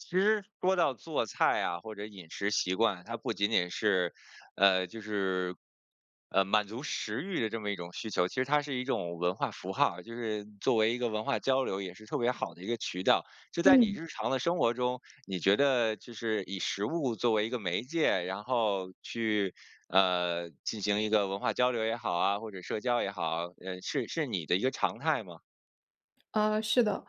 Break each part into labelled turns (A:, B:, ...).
A: 其实说到做菜啊，或者饮食习惯，它不仅仅是，呃，就是，呃，满足食欲的这么一种需求，其实它是一种文化符号儿，就是作为一个文化交流也是特别好的一个渠道。就在你
B: 嗯。
A: 日常的生活中，你觉得就是以食物作为一个媒介，然后去，呃，进行一个文化交流也好啊，或者社交也好啊，嗯，是是你的一个常态吗？
B: 呃，是的。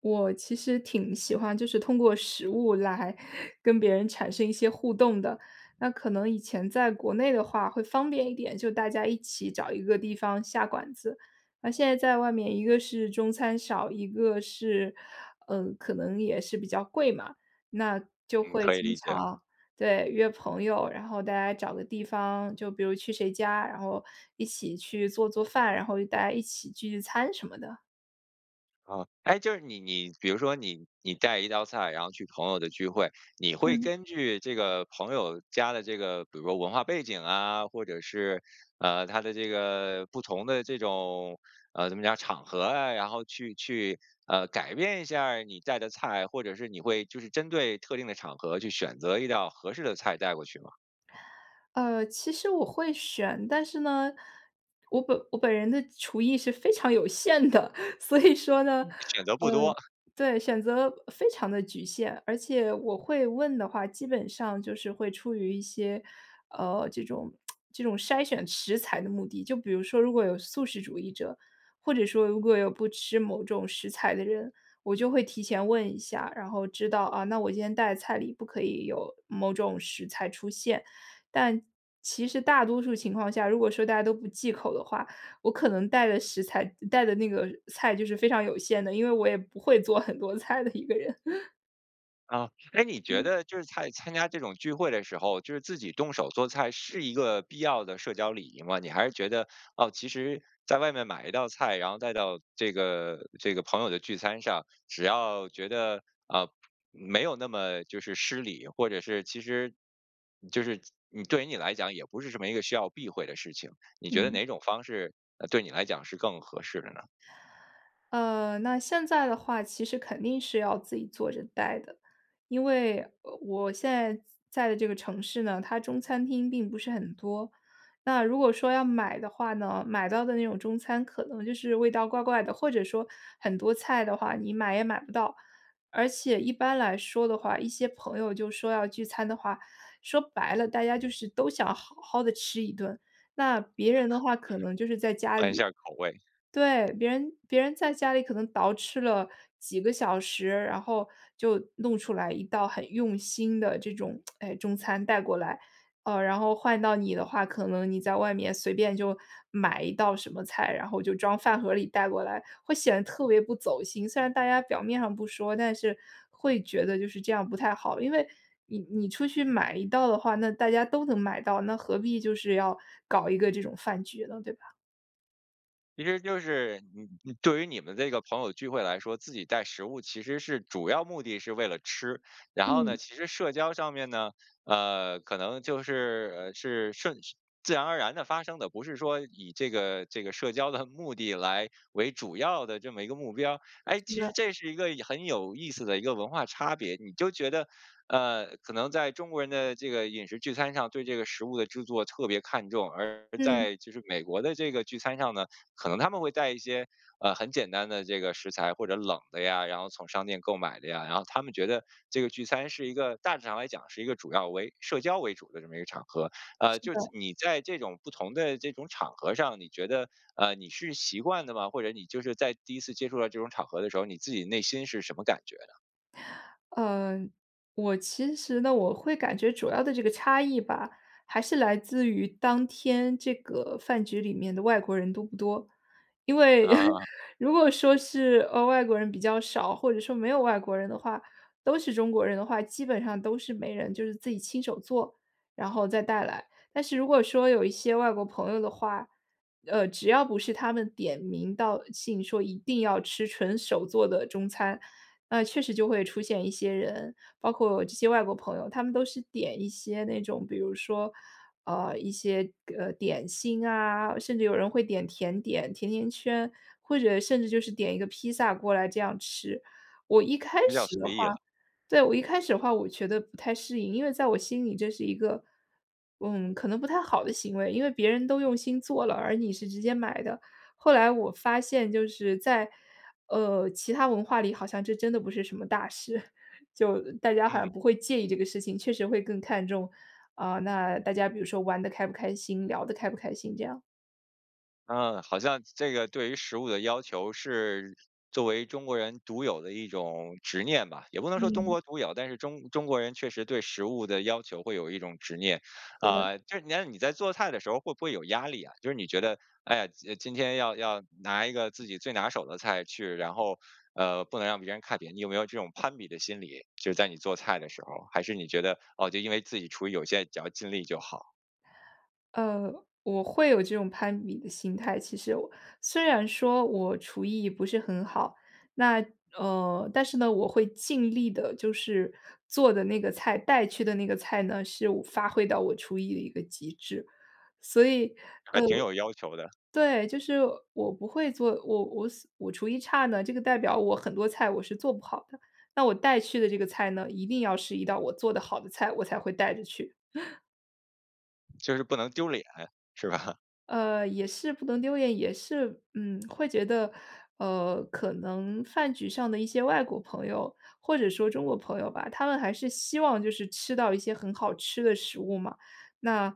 B: 我其实挺喜欢就是通过食物来跟别人产生一些互动的，那可能以前在国内的话会方便一点，就大家一起找一个地方下馆子。那现在在外面，一个是中餐少，一个是，嗯，可能也是比较贵嘛。那就
A: 嗯，
B: 会
A: 可以
B: 经
A: 理解。
B: 常对，约朋友，然后大家找个地方，就比如去谁家，然后一起去做做饭，然后大家一起聚聚餐什么的。
A: 啊，诶，就是你你比如说你你带一道菜，然后去朋友的聚会，你会
B: 嗯。
A: 根据这个朋友家的这个，比如说文化背景啊，或者是，呃，他的这个不同的这种，呃，怎么讲场合啊，然后去去，呃，改变一下儿你带的菜，或者是你会就是针对特定的场合去选择一道合适的菜带过去吗？
B: 呃，其实我会选。但是呢，我本我本人的厨艺是非常有限的。所以说呢，呃
A: 选择不多。
B: 对，选择非常的局限，而且我会问的话，基本上就是会出于一些，呃，这种 这种筛选食材的目的。就比如说如果有素食主义者，或者说如果有不吃某种食材的人，我就会提前问一下，然后知道，啊，那我今天带的菜里不可以有某种食材出现。但其实大多数情况下，如果说大家都不忌口的话，我可能带的食材带的那个菜就是非常有限的，因为我也不会做很多菜的一个人。
A: 啊，诶，你觉
B: 嗯。
A: 得就是在参加这种聚会的时候，就是自己动手做菜，是一个必要的社交礼仪吗？你还是觉得，哦，其实在外面买一道菜，然后带到这个这个朋友的聚餐上，只要觉得，啊，没有那么就是失礼，或者是其实就是你对你来讲也不是什么一个需要避讳的事情。你觉得
B: 嗯。
A: 哪种方式，呃，对你来讲是更合适的呢？
B: 呃，那现在的话，其实肯定是要自己做着带的。因为，呃，我现在在的这个城市呢，它中餐厅并不是很多。那如果说要买的话呢，买到的那种中餐可能就是味道怪怪的，或者说，很多菜的话，你买也买不到。而且一般来说的话，一些朋友就说要聚餐的话，说白了，大家就是都想好好地吃一顿。那别人的话可能就是在 家
A: 换一下
B: 里
A: 儿口味。
B: 对，别人别人在家里可能捯饬了几个小时，然后就弄出来一道很用心的这种，哎，中餐带过来。呃，然后换到你的话，可能你在外面随便就买一道什么菜，然后就装饭盒儿里带过来，会显得特别不走心。虽然大家表面上不说，但是会觉得就是这样不太好。因为你你出去买一道的话，那大家都能买到，那何必就是要搞一个这种饭局呢，对吧？
A: 其实就是你你对于你们这个朋友聚会来说，自己带食物其实是主要目的是为了吃。然后呢，
B: 嗯。
A: 其实社交上面呢，呃，可能就是，呃，是顺自然而然地发生的，不是说以这个这个社交的目的来为主要的这么一个目标。哎，
B: 是
A: 其实
B: 的。
A: 这是一个很有意思的一个文化差别，你就觉得，呃，可能在中国人的这个饮食聚餐上，对这个食物的制作特别看重，而
B: 嗯。
A: 在就是美国的这个聚餐上呢，可能他们会带一些，呃，很简单的这个食材或者冷的呀，然后从商店购买的呀。然后他们觉得，这个聚餐是一个大致上来讲是一个主要为社交为主的这么一个场合。呃，
B: 是
A: 就
B: 的。
A: 你在这种不同的这种场合上，你觉得，呃，你是习惯的吗？或者你就是在第1次接触到这种场合的时候，你自己内心是什么感觉呢？
B: 呃，我其实呢，我会感觉主要的这个差异吧，还是来自于当天这个饭局里面的外国人多不多。因为
A: 啊。
B: 如果说是，呃，外国人比较少，或者说没有外国人的话，都是中国人的话，基本上都是没人就是自己亲手做，然后再带来。但是如果说有一些外国朋友的话，呃，只要不是他们点名道姓说，一定要吃纯手做的中餐，呃，确实就会出现一些人，包括这些外国朋友，他们都是点一些那种，比如说，呃，一些，呃，点心啊，甚至有人会点甜点，甜甜圈，或者甚至就是点一个披萨过来这样吃。我一开
A: 比较
B: 始
A: 随
B: 的话
A: 意了。
B: 对，我一开始的话我觉得不太适应，因为在我心里这是一个，嗯，可能不太好的行为。因为别人都用心做了，而你是直接买的，后来我发现就是在，呃，其它文化里好像这真的不是什么大事。就大家好
A: 嗯。
B: 像不会介意这个事情，确实会更看重啊，那大家比如说玩得开不开心，聊得开不开心这样。
A: 嗯，好像这个对于食物的要求是，作为中国人独有的一种执念吧。也不能说东
B: 嗯。
A: 国独有，但是中中国人确实对食物的要求会有一种执念。
B: 是的。
A: 啊，就是那你在做菜的时候会不会有压力啊？就是你觉得：“诶，今，呃，今天要要拿一个自己最拿手的菜去，然后，呃，不能让别人看扁。”你有没有这种攀比的心理？就是在你做菜的时候。还是你觉得：“哦，就因为自己厨艺有限，只要尽力就好。”
B: 呃，我会有这种攀比的心态其实哦。虽然说我厨艺不是很好，那呃，但是呢，我会尽力地就是做的那个菜、带去的那个菜呢，是我发挥到我厨艺的一个极致。所以呃，
A: 还挺有要求的。
B: 对，就是我不会做，我我思我厨艺差呢，这个代表我很多菜我是做不好的，那我带去的这个菜呢，一定要是一道我做得好的菜，我才会带着去。
A: 就是不能丢脸，是吧？
B: 呃，也是不能丢脸，也是嗯，会觉得，呃，可能饭局上的一些外国朋友，或者说中国朋友吧，他们还是希望就是吃到一些很好吃的食物嘛。那，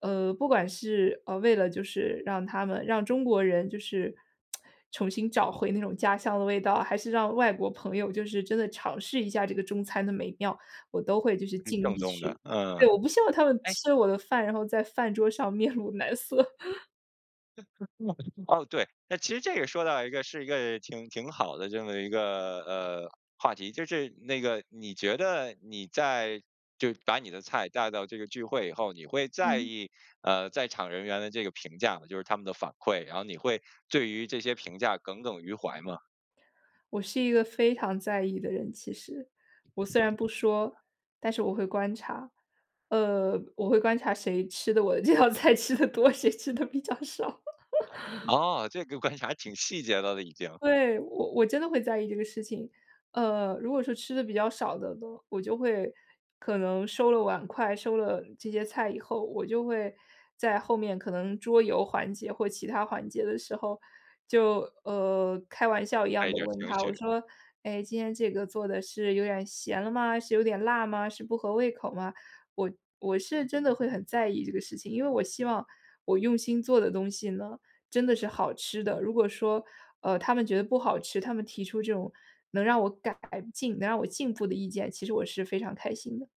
B: 呃，不管是，呃，为了就是，让他们让中国人就是 重新找回那种家乡的味道，还是让外国朋友就是真的尝试一下这个中餐的美妙，我都会就是
A: 嗯，
B: 尽
A: 正
B: 力
A: 宗的，
B: 去
A: 嗯。
B: 对，我不希望他们
A: 哎
B: 吃我的饭，然后在饭桌上面露难色。
A: 哦，对。那其实这也说到一个是一个挺挺好的这么一个，呃，话题。就是那个，你觉得你在就把你的菜带到这个聚会以后，你会在
B: 嗯。
A: 意，呃，在场人员的这个评价吗？就是他们的反馈，然后你会对于这些评价耿耿于怀吗？
B: 我是一个非常在意的人，其实。我虽然不说，但是我会观察，呃，我会观察谁吃得我的这道菜吃得多，谁吃得比较少。
A: 哦，这个观察挺细节的了已经。
B: 对，我我真的会在意这个事情。呃，如果是吃的比较少的呢，我就会可能收了碗筷，收了这些菜以后我就会，在后面可能桌游环节或其它环节的时候就，呃，开玩笑一
A: 带
B: 样
A: 一
B: 的
A: 点儿
B: 问
A: 情
B: 他，我
A: 绪。
B: 说：“哎，今天这个做的是有点儿咸了吗？是有点辣吗？是不合胃口吗？”我我是真的会很在意这个事情，因为我希望我用心做的东西呢，真的是好吃的。如果说，呃，他们觉得不好吃，他们提出这种能让我改进、能让我进步的意见，其实我是非常开心的。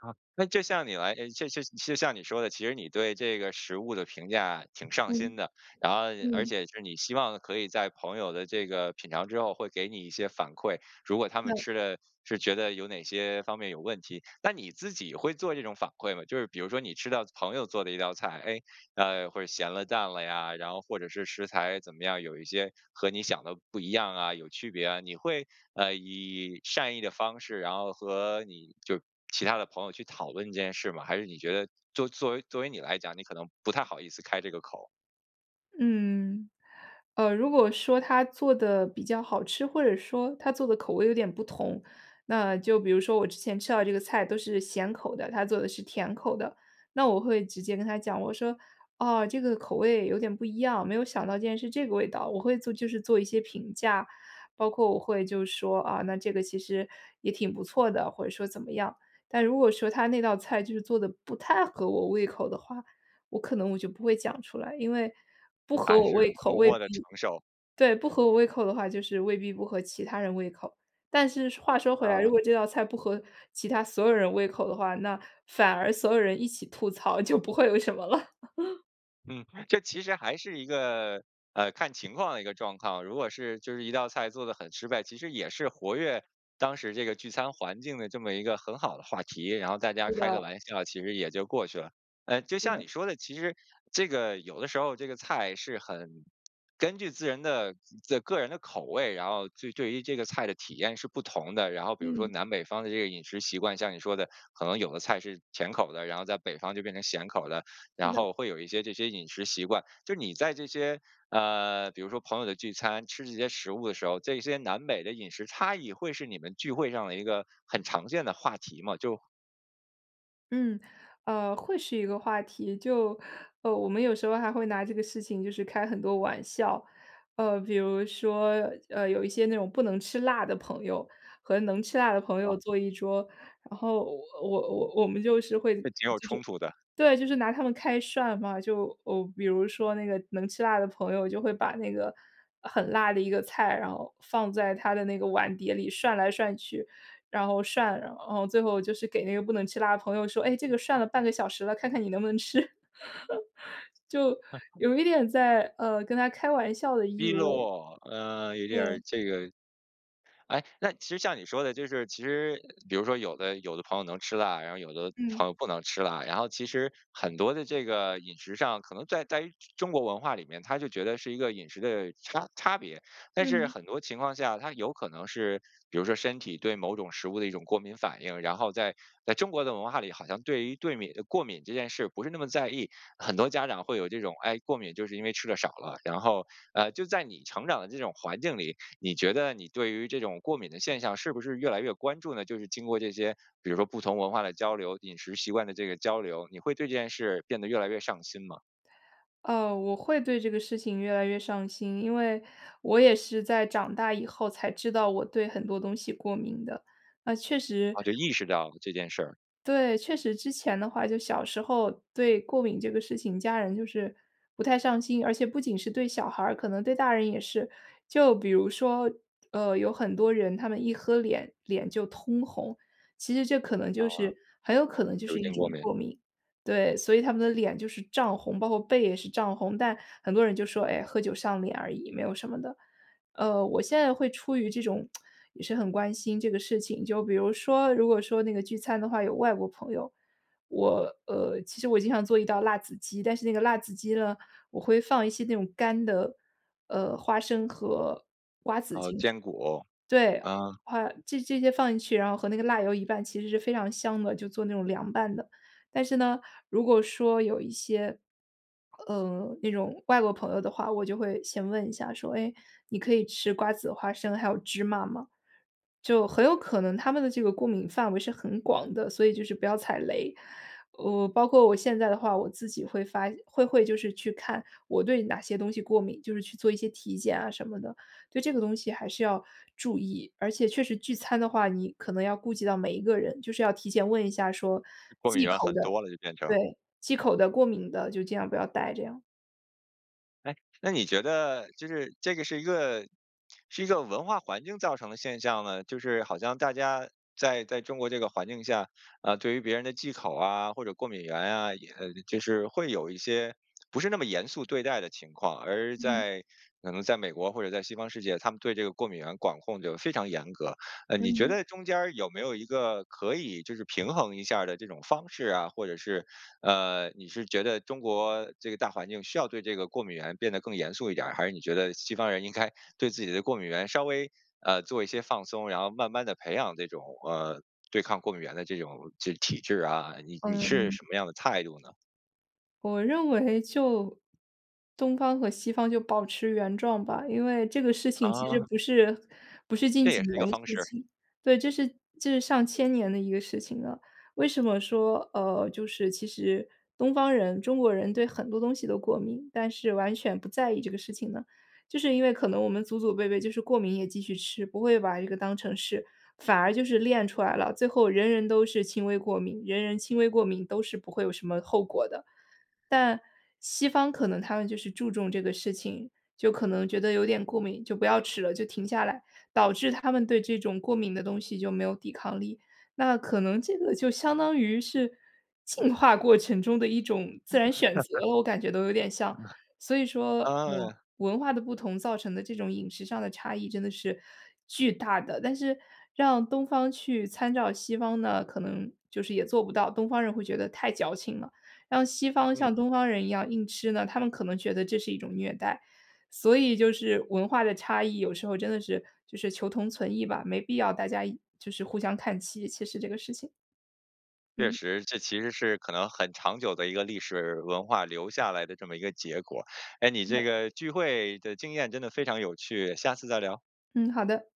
A: 啊，那就像你来哎，就就就像你说的，其实你对这个食物的评价挺上心
B: 嗯，
A: 的，然后而
B: 嗯。
A: 且是你希望可以在朋友的这个品尝之后会给你一些反馈，如果他们
B: 嗯。
A: 吃了是觉得有哪些方面有问题，那你自己会做这种反馈吗？就是比如说你吃到朋友做的一道菜，哎，啊，或是咸了淡了呀，然后或者是食材怎么样？有一些和你想的不一样啊、有区别啊，你会，呃，以善意的方式，然后和你就其他的朋友去讨论这件事吗？还是你觉得就作为作为你来讲，你可能不太好意思开这个口？
B: 嗯。呃，如果说他做得比较好吃，或者说他做的口味有点不同，那就比如说我之前吃到这个菜都是咸口的，他做的是甜口的，那我会直接跟他讲，我说：“哦，这个口味有点不一样，没有想到竟然是这个味道。”我会做就是做一些评价。包括我会就说：“啊，那这个其实也挺不错的。”或者说怎么样。但如果说他那道菜就是做得不太合我胃口的话，我可能我就不会讲出来。因为不合
A: 还
B: 我
A: 是
B: 胃口
A: 默
B: 味未
A: 默地承
B: 必
A: 受。
B: 对，不合我胃口的话，就是未必不合其他人胃口。但是话说回来，如
A: 啊。
B: 果这道菜，不合其他所有人胃口的话，那反而所有人一起吐槽，就不会有什么了。
A: 嗯，这其实还是一个，呃，看情况的一个状况。如果是，就是一道菜做得很失败，其实也是活跃当时这个聚餐环境的这么一个很好的话题，然后大家
B: 是
A: 开个
B: 的。
A: 玩笑，其实也就过去了。呃，就
B: 是
A: 像
B: 的。
A: 你说的，其实这个有的时候这个菜是很，根据自人的自呃，个人的口味，然后就对于这个菜的体验是不同的。然后，比如说
B: 嗯。
A: 南北方的这个饮食习惯，像你说的，可能有的菜是甜口儿的，然后在北方就变成咸口儿的。
B: 是
A: 然
B: 的。
A: 后会有一些这些饮食习惯。就是你在这些，呃，比如说朋友的聚餐，吃这些食物的时候，这些南北的饮食差异，会是你们聚会上的一个很常见的话题吗？就
B: 嗯，呃，会是一个话题，就，呃，我们有时候还会拿这个事情就是开很多玩笑。呃，比如说，呃，有一些那种不能吃辣的朋友，和能吃辣的朋
A: 啊。
B: 友坐一桌，然后我我我们就是会就是
A: 这挺有冲突的。
B: 对，就是拿他们开涮嘛。就，哦，比如说那个能吃辣的朋友，就会把那个很辣的一个菜，然后放在他的那个碗碟里涮来涮去，然后涮，嗯，最后就是给那个不能吃辣的朋友说：“哎，这个涮了半个小时了，看看你能不能吃？” 就 有一点在，呃，跟他开玩笑的意
A: 逼
B: 味。
A: 落，呃，有点
B: 对。
A: 儿这个，哎，那其实像你说的就是其实，比如说有的有的朋友能吃辣，然后有的
B: 嗯。
A: 朋友不能吃辣，然后其实很多的这个饮食上，可能在在中国文化里面，他就觉得是一个饮食的差差别。但是
B: 嗯。
A: 很多情况下，他有可能是，比如说身体对某种食物的一种过敏反应，然后在在中国的文化里，好像对于过敏过敏这件事不是那么在意，很多家长会有这种，哎，过敏，就是因为吃的少了。然后，呃，就在你成长的这种环境里，你觉得你对于这种过敏的现象是不是越来越关注呢？就是经过这些，比如说不同文化的交流，饮食习惯的这个交流，你会对这件事变得越来越上心吗？
B: 呃，我会对这个事情越来越上心，因为，我也是在长大以后才知道我对很多东西过敏的，那确实
A: 啊，就意识到这件事儿。
B: ······对，确实之前的话就小时候对过敏这个事情，家人就是不太上心，而且不仅是对小孩儿，可能对大人也是。就比如说，呃，有很多人他们一喝脸脸就通红，其实这可能
A: 啊，
B: 就是很有可能就
A: 酒
B: 是一
A: 精过
B: 种
A: 敏。
B: 过敏。对，所以他们的脸就是胀红，包括背也是胀红，但很多人就说，哎，喝酒上脸而已，没有什么的。呃，我现在会出于这种 也是很关心这个事情。就比如说，如果说那个聚餐的话有外国朋友，我，呃，其实我经常做一道辣子鸡，但是那个辣子鸡呢，我会放一些那种干的，呃，花生和瓜子进去。
A: 哦，坚果，
B: 对，
A: 啊。
B: 花这些这些放进去，然后和那个辣油一拌其实是非常香的，就做那种凉拌的。但是呢，如果说有一些，呃，那种外国朋友的话，我就会先问一下说，哎，你可以吃瓜子、花生、还有芝麻吗？就很有可能他们的这个过敏范围是很广的，所以就是不要踩雷。呃，我包括我现在的话，我自己会发会会就是去看我对哪些东西过敏，就是去做一些体检啊什么的。对这个东西还是要注意，而且确实聚餐的话，你可能要顾及到每一个人，就是要提前问一下说
A: 过敏
B: 忌
A: 原
B: 口
A: 很
B: 的
A: 多了就变成
B: 对，忌口的、过敏的就尽量不要带这样。
A: 哎，那你觉得，就是这个是一个是一个文化环境造成的现象呢？就是好像大家在在中国这个环境下，呃，对于别人的忌口啊，或者过敏原啊，也就是会有一些不是那么严肃对待的情况。而
B: 嗯。
A: 在可能在美国或者在西方世界，他们对这个过敏原管控就非常严格了。呃，
B: 嗯
A: 你觉
B: 哼。
A: 得中间儿有没有一个可以就是平衡一下的这种方式啊？或者是，呃，你是觉得中国这个大环境，需要对这个过敏原变得更严肃一点儿，还是你觉得西方人应该对自己的过敏原稍微，呃，做一些放松，然后慢慢地培养这种，呃，对抗过敏原的这种这体质啊，你你是什
B: 嗯。
A: 么样的态度呢？
B: 我认为就东方和西方就保持原状吧，因为这个事情其实
A: 啊。
B: 不是不是近
A: 这
B: 几
A: 也是
B: 年
A: 一个
B: 的
A: 方
B: 事
A: 式。
B: 情，对，这是这是上千年的一个事情了。为什么说呃，就是其实东方人中国人对很多东西都过敏，但是完全不在意这个事情呢？就是因为可能我们祖祖辈辈就是，过敏也继续吃，不会把这个当成是反而就是练出来了。最后人人都是轻微过敏，人人轻微过敏都是不会有什么后果的。但西方可能他们就是注重这个事情，就可能觉得有点过敏，就不要吃了，就停下来，导致他们对这种过敏的东西就没有抵抗力。那可能这个就相当于是，进化过程中的一种自然选择，我感觉都有点像。所以 说我
A: 嗯。
B: 文化的不同造成的这种饮食上的差异，真的是巨大的。但是让东方去参照西方，那可能就是也做不到，东方人会觉得太矫情了。让西方
A: 嗯。
B: 像东方人一样硬吃呢，他们可能觉得这是一种虐待。所以就是文化的差异，有时候真的是就是求同存异吧，没必要大家就是互相看齐，其实这个事情。
A: 确
B: 嗯。
A: 实，这其实是可能很长久的一个历史文化留下来的这么一个结果。哎，你这个聚会的经验真的非常有趣，下次再聊。
B: 嗯，好的。